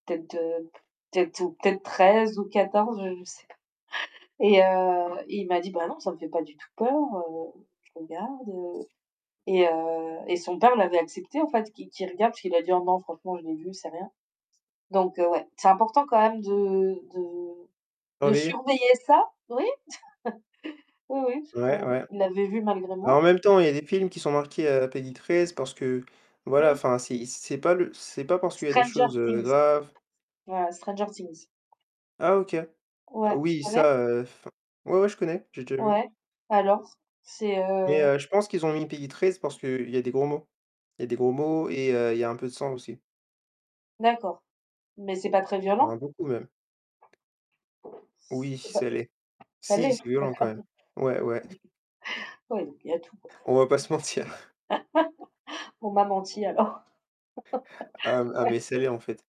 Peut-être, heu, p peut-être ou peut-être 13 ou 14, je sais pas et heu et il m'a dit: «Bah non, ça me fait pas du tout peur, heu, je regarde» et heu et son père l'avait accepté en fait, qu'il qu'il regarde parce qu'il a dit: «Oh non, franchement, je l'ai vu, c'est rien» donc ouais, c'est important quand même de de de Surveiller? surveiller ça, oui. Oui oui, je crois Ouais, i ouais. il l'avait vu malgré Bah, en moi. même temps il y a des films qui sont marqués à la PEGI13 c'est parce que, voilà Mmh. enfin, c'est c'est pas le c'est pas parce qu'il y a des Stranger choses, heu, Things. graves. Ouais. Stranger Things. Ah OK. Ouais, tu Oui connais? ça, heu, enfin ouais, ouais je connais, j'ai déjà vu Ouais, alors? C'est, mais, heu heu, je pense qu'ils ont mis PEGI13 parce qu'il y a des gros mots. Il y a des gros mots et heu, il y a un peu de sang aussi. D'accord mais c'est pas très Enfin, violent? beaucoup même. Oui, C'est pas ça l'est. ça Si, l'est? c'est violent quand D'accord. même. Ouais, ouais. Oui donc il y a tout, quoi. On va pas se mentir. On m'a menti alors. Hem, ah mais Ouais. ça l'est en fait.